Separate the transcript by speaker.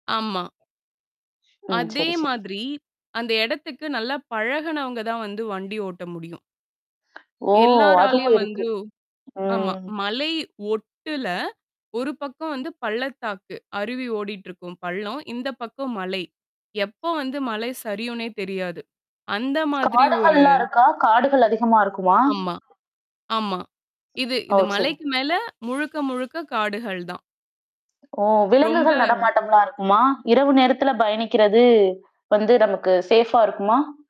Speaker 1: ஆமா.
Speaker 2: ஆ,
Speaker 1: அதே
Speaker 2: சரி, சரி.
Speaker 1: மாதிரி அந்த இடத்துக்கு நல்லா பழகுனவங்க தான் வந்து வண்டி ஓட்ட முடியும்.
Speaker 2: ஓ! அதுவும்
Speaker 1: எல்லாராலையும்
Speaker 2: இருக்கு.
Speaker 1: வந்து ஆமா.
Speaker 2: ம்.
Speaker 1: மலை ஒட்டுல. ஒரு பக்கம் வந்து பள்ளத்தாக்கு, அருவி ஓடிட்டுருக்கும் பள்ளம், இந்த பக்கம் மலை. எப்போ வந்து மலை சரியுனே தெரியாது. அந்த மாதிரி ஒரு
Speaker 2: காடுகள்லாம் இருக்கா? காடுகள் அதிகமா இருக்குமா?
Speaker 1: ஆமா, ஆமா. இது
Speaker 2: ஓ!
Speaker 1: இந்த
Speaker 2: சரி.
Speaker 1: மலைக்கு மேல முழுக்க முழுக்க காடுகள் தான்.
Speaker 2: ஓ! விலங்குகள்
Speaker 1: ரொம்ப
Speaker 2: நடமாட்டம்லா இருக்குமா? இரவு நேரத்தில பயணிக்கிறது, வந்து நமக்கு சேஃபா இருக்குமா?